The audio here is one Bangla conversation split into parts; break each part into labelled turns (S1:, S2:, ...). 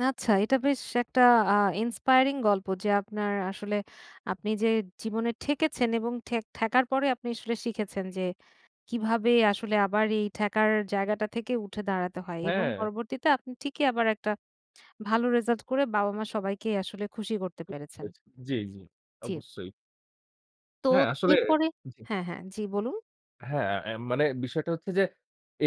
S1: আচ্ছা, এটা বেশ একটা আ inspiring গল্প যে আপনার আসলে আপনি যে জীবনে ঠেকেছেন এবং ঠে ঠেকার পরে আপনি আসলে শিখেছেন, যে কিভাবে আসলে আবার এই ঠেকার জায়গাটা থেকে উঠে দাঁড়াতে হয় এবং
S2: হ্যাঁ।
S1: পরবর্তীতে আপনি ঠিকই আবার একটা ভালো রেজাল্ট করে বাবা-মা সবাইকেই আসলে খুশি করতে
S2: বুঝতে
S1: পেরেছেন।
S2: পেরেছি, জি, জি।
S1: জি।
S2: অবশ্যই। হ্যাঁ,
S1: তোত
S2: আসলে
S1: এরপরে
S2: জি।
S1: হ্যাঁ, হ্যাঁ জী বলুন।
S2: হ্যাঁ, অ্যা মানে বিষয়টা হচ্ছে যে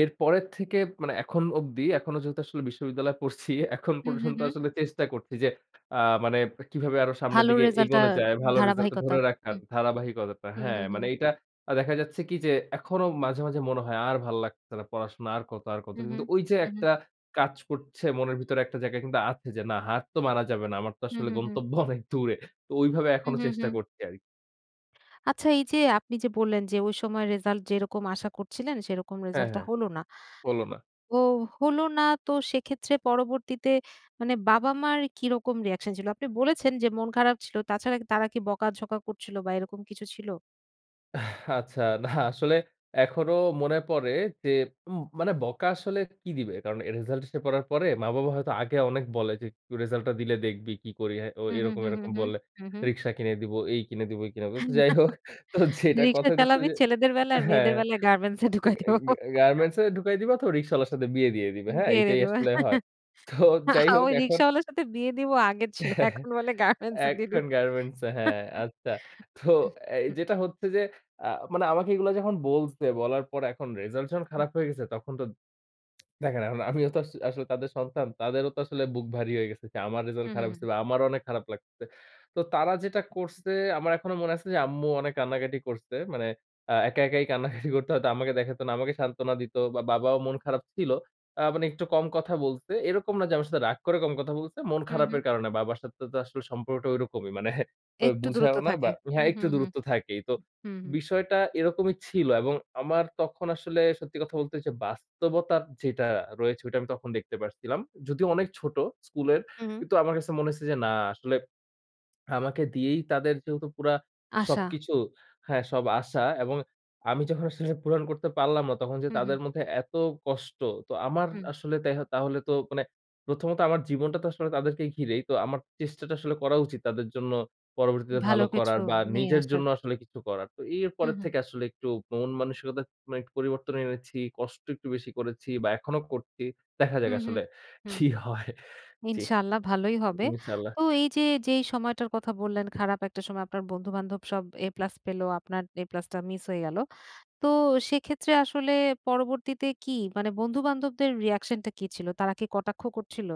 S2: এর পরের থেকে মানে এখন অব্দি এখনো যেহেতু আসলে বিশ্ববিদ্যালয়ে পড়ছি, এখন
S1: হুম, হুম,
S2: পর্যন্ত
S1: হুম।
S2: আসলে চেষ্টা করছি যে আ মানে কিভাবে আরো সামনের
S1: ভালো
S2: দিকে
S1: রেজাল্টটা
S2: এগোনো যায় ভালো রেজাল্টটা
S1: ধারাবাহিকতা
S2: ধরে রাখার
S1: হুম,
S2: ধারাবাহিকতাটা।
S1: হুম,
S2: হ্যাঁ,
S1: হুম, হুম।
S2: মানে এইটা আ দেখা যাচ্ছে কি যে এখনো মাঝে, মাঝে মনে হয় আর ভাল লাগছে না পড়াশোনা আর কত? আর কত?
S1: হুম,
S2: কিন্তু
S1: হুম,
S2: ওই যে
S1: হুম, হুম।
S2: একটা কাজ করছে মনের ভিতরে একটা জায়গায় কিন্তু আছে যে না হার তো মারা যাবে না। আমার তো
S1: হুম,
S2: আসলে
S1: হুম, হুম।
S2: গন্তব্য অনেক দূরে। তো ওইভাবে
S1: হুম,
S2: এখনো
S1: হুম,
S2: চেষ্টা
S1: হুম।
S2: করছি আর
S1: আচ্ছা। এই যে আপনি যে বললেন, যে ওই সময় রেজাল্ট যেরকম আশা করছিলেন, সেরকম
S2: হ্যাঁ,
S1: রেজাল্টটা
S2: হ্যাঁ।
S1: হলো না।
S2: হলো না।
S1: তো ও হলো না তো সেক্ষেত্রে পরবর্তীতে মানে বাবা-মার কিরকম রিঅ্যাকশন ছিল? আপনি বলেছেন, যে মন খারাপ ছিলো, তাছাড়া তারা কি বকা-ঝকা করছিল বা এরকম কিছু ছিল?
S2: আচ্ছা, না আসলে এখনো মনে পড়ে যে উম মানে বকা আসলে কি দিবে? কারণ এ রেজাল্ট এসে পড়ার পরে মা-বাবা হয়তো আগে অনেক বলে, যে রেজাল্টায দিলে দেখবি কি করি। অ্যা ও
S1: হুম, হুম,
S2: এরকম,
S1: হুম,
S2: এরকম
S1: হুম,
S2: বলে,
S1: হুম, হুম।
S2: রিক্সা কিনে দিব এই কিনে দিবো, ওই কিনে ব
S1: হু,
S2: যাই হোক তো যেটা
S1: রিকশা
S2: কথা হইতেছে অ্যা
S1: চালাবি,
S2: যে
S1: ছেলেদের বেলায় আর মেয়েদের
S2: হ্যাঁ।
S1: বেলায় গার্মেন্টসে ঢুকায়
S2: গা,
S1: দিবো।
S2: গা গার্মেন্টসে ঢুকায় দিবা তো অথবা রিক্সাওয়ালার সাথে বিয়ে দিয়ে দিবে। হ্যাঁ,
S1: বিয়ে দিয়ে
S2: এইটাই
S1: দেবো।
S2: আসলে হয়। তোহ
S1: আ
S2: যাই হোক
S1: ওই
S2: এখন
S1: রিক্শাওয়ালার সাথে বিয়ে দিবো আগের ছিল। এখন বলে গার্মেন্টসে দিয়ে দিব।
S2: এখন গার্মেন্টসে হ্যাঁ, আচ্ছা। তো
S1: উহ,
S2: অ্যা
S1: হু,
S2: যেটা
S1: উ
S2: হচ্ছে যে আ মানে আমাকে এগুলা যখন বলছে, বলার পর এখন রেজাল্ট যখন
S1: হু।
S2: খারাপ হয়ে গেছে তখন তো দেখেন, এখন আমি আমিও তো আস আসলে তাদের সন্তান। তাদেরও তো আসলে বুক ভারী হয়ে গেছে। আমার রেজাল্ট
S1: উহু। হুম,
S2: খারাপ
S1: হুম।
S2: হইছে বা আমারও অনেক খারাপ লাগতেছে। তো তারা যেটা
S1: হু, উ
S2: করছে আমার এখনো মনে আছে যে আম্মু অনেক কান্নাকাটি করছে। মানে আ একা একাই কান্নাকাটি করতে হয়তো, আমাকে দেখাইতো না। আমাকে সান্ত্বনা দিত বা বাবাও মন খারাপ ছিল। আ মানে একটু কম কথা বলছে। এরকম না যে আমার সাথে রাগ করে কম কথা বলছে। মন
S1: হুম, হুম।
S2: খারাপের কারণে। বাবার সাথে তো আসলে সম্পর্কটা ঐরকমই মানে ও
S1: একটু দূরত্ব
S2: বুঝায়ও না
S1: থাকে।
S2: বা হ্যাঁ,
S1: হুম,
S2: একটু
S1: হুম,
S2: দূরত্ব থাকেই। তো
S1: হুম।
S2: বিষয়টা এরকমই ছিল। এবং আমার তখন আসলে সত্যি কথা বলতে ওইযে বাস্তবতার যেটা রয়েছে ওইটা আমি তখন দেখতে পাচ্ছিলাম। যদিও অনেক ছোট স্কুলের
S1: হু।
S2: কিন্তু আমার কাছে মনে হইছে যে না আসলে আমাকে দিয়েই তাদের যেহেতু পুরা
S1: আশা।
S2: সবকিছু, হ্যাঁ, সব আশা এবং আমি যখন আসলে পূরণ করতে পারলাম না তখন যে
S1: হুম, হুম।
S2: তাদের মধ্যে এত কষ্ট তো আমার
S1: হুম।
S2: আসলে তেহ তাহলে তো মানে প্রথমত আমার জীবনটা তো আসলে তাদেরকে ঘিরেই তো আমার চেষ্টাটা আসলে করা উচিত তাদের জন্য পরবর্তীতে
S1: ভালো
S2: ভালো
S1: কিছু
S2: করার বা
S1: নিয়ে
S2: নিজের
S1: আসার।
S2: জন্য আসলে কিছু করার। তো এর
S1: হুম,
S2: পরের
S1: হুম।
S2: থেকে আসলে একটু মন মানসিকতার মানে একটু পরিবর্তন এনেছি। কষ্ট একটু বেশি করেছি বা এখনো করছি। দেখা যাক
S1: হুম, হুম,
S2: আসলে
S1: হুম।
S2: কি হয়! জি,
S1: ইনশাআল্লাহ ভালোই হবে। তো
S2: ইনশাল্লাহ।
S1: এই যে যেই সময়টার কথা বললেন খারাপ একটা সময় আপনার বন্ধু-বান্ধব সব A+ পেলো, আপনার A+ টা মিস হয়ে গেলো। তো সেক্ষেত্রে আসলে পরবর্তীতে কি মানে বন্ধু-বান্ধবদের রিঅ্যাকশনটা কি ছিল? তারা কি কটাক্ষ করছিল?